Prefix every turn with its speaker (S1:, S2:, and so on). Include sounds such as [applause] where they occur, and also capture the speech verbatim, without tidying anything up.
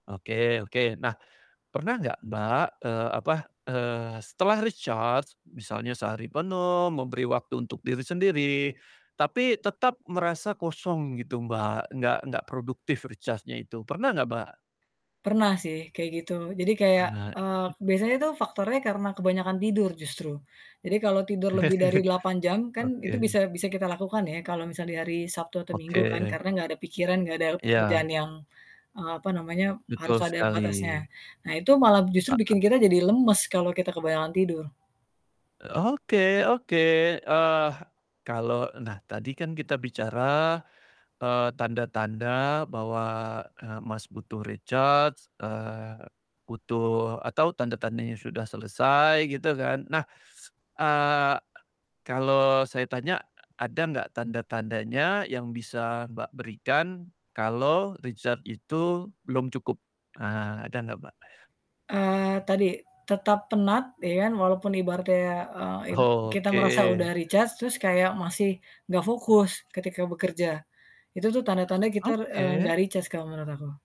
S1: Oke oke. Nah, pernah nggak Mbak, eee, apa, eee, setelah recharge, misalnya sehari penuh, memberi waktu untuk diri sendiri. Tapi tetap merasa kosong gitu Mbak, nggak nggak produktif recharge-nya itu, pernah nggak Mbak?
S2: Pernah sih, kayak gitu. Jadi kayak,
S1: Pernah.
S2: eee, biasanya tuh faktornya karena kebanyakan tidur justru. Jadi kalau tidur lebih dari
S1: [chuckles]
S2: delapan jam, kan itu
S1: Oke.
S2: bisa bisa kita lakukan ya, kalau misalnya hari Sabtu atau Minggu kan.
S1: Oke.
S2: Karena nggak ada pikiran, nggak ada pekerjaan
S1: Iya.
S2: yang, eee, apa namanya, harus
S1: Betul
S2: ada
S1: sekali.
S2: batasnya. Nah, itu malah justru bikin
S1: Heeh.
S2: kita jadi lemes, kalau kita kebanyakan tidur.
S1: Oke oke, eee, kalau nah tadi kan kita bicara, eee, tanda-tanda bahwa, eee, Mas, butuh recharge, eee, butuh atau tanda-tandanya sudah selesai, gitu kan. Nah, eee, kalo saya tanya, e ada nggak tanda-tandanya yang bisa Mbak, berikan, kalo recharge itu belum cukup? Ah, ada nggak Mbak?
S2: Eee, tadi tetap penat ya kan, walaupun ibaratnya, eee, id kita merasa udah
S1: Oke.
S2: recharge, terus kayak masih nggak fokus, ketika bekerja. Itu tuh tanda-tanda kita, eee,
S1: Oke.
S2: nggak recharge, kalau menurut aku.